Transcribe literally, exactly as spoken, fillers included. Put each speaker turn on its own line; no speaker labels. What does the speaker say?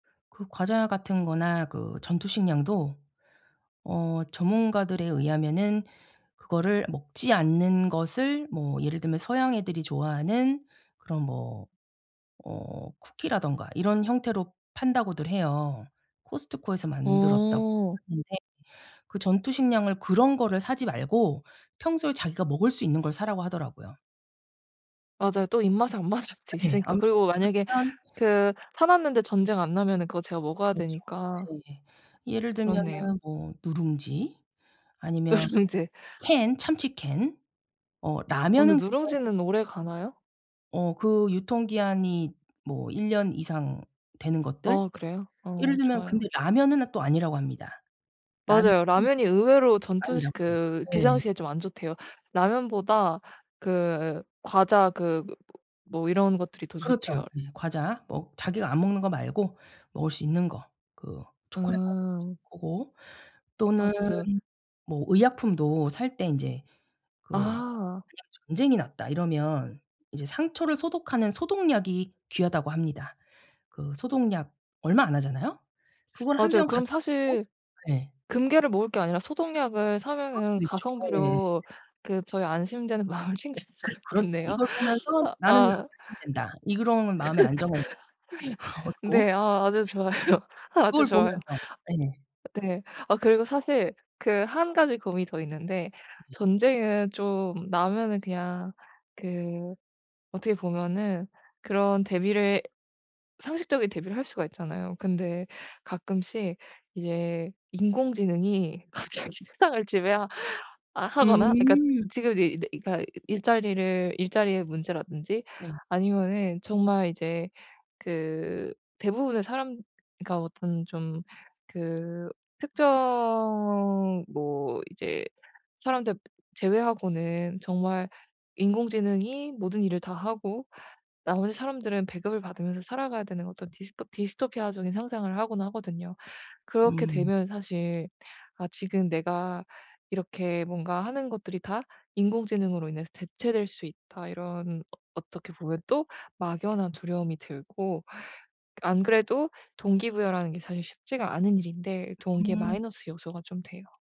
그 과자 같은 거나 그 전투식량도 어 전문가들에 의하면은 그거를 먹지 않는 것을 뭐 예를 들면 서양 애들이 좋아하는 그런 뭐 어 "쿠키라든가 이런 형태로 판다."고들 해요. 코스트코에서 만들었다고
어.
하는데 그 전투식량을 그런 거를 사지 말고 "평소에 자기가 먹을 수 있는 걸 사라."고 하더라고요.
맞아요. 또 입맛에 안 맞을 수도
예.
있으니까.
안
그리고 만약에
맞으면
그 사 놨는데 전쟁 안 나면은 그거 제가 먹어야
그렇죠.
되니까.
네. 예를
그렇네요.
들면은 뭐 누룽지, 아니면
누룽지.
캔, 참치 캔, 어
어
라면은
근데
근데
누룽지는 오래가나요?
어 그 유통기한이 뭐 일 년 이상 되는 것들.
어 그래요?
예를
어
들면
좋아요.
근데 라면은 또 아니라고 합니다. 라면은
맞아요. 라면이 의외로 전투식
아니라고요.
그
예.
비상시에 좀 안 좋대요. 라면보다 그 과자 그 뭐 이런 것들이 더
그렇죠.
좋대요.
예. 과자 뭐 자기가 안 먹는 거 말고 먹을 수 있는 거. 그 초콜릿 과자 있죠.
음.
고거
아
또는
진짜
뭐 의약품도 살 때 인제 그 그냥
아.
"전쟁이 났다." 이러면 이제 상처를 소독하는 "소독약이 귀하다."고 합니다. 그 소독약 얼마 안 하잖아요? 그거를 한
맞아요.
병
그럼
갖다 놓고
사실
예.
금괴를 모을 게 아니라 소독약을
그럴
사면은
수도 있죠. 예.
가성비로 그 저의 안심되는 마음을 챙길 수가
그렇죠.
있겠네요.
이걸 보면서 나는
아.
안심된다. 이런 마음의 안정을
네.
얻고.
아 아주 좋아요. 아주
그걸
좋아요.
보면서. 예.
네. 어 그리고 사실 그 한 가지 고민이 더 있는데 전쟁은 좀 나면은 그냥 그 어떻게 보면은 그런 대비를 상식적인 대비를 할 수가 있잖아요. 근데 가끔씩 이제 인공지능이 갑자기 세상을 지배하 아 하거나 이 그니까
음.
지금 이제 이 네 그러니까 일자리를 일자리의 문제라든지
네.
아니면은 정말 이제 그 대부분의 사람 그니까 어떤 좀 그 특정 뭐 이제 사람들 제외하고는 정말 인공지능이 모든 일을 다 하고 나머지 사람들은 배급을 받으면서 살아가야 되는 어떤 디스토피 디스토피아적인 상상을 하곤 하거든요. 그렇게
음.
되면 사실 아 지금 내가 이렇게 뭔가 하는 것들이 다 인공지능으로 인해서 대체될 수 있다 이런 어 어떻게 보면 또 막연한 두려움이 들고 ㄱ 안 그래도 동기부여라는 게 사실 쉽지가 않은 일인데 동기의
음.
마이너스 요소가 좀 돼요.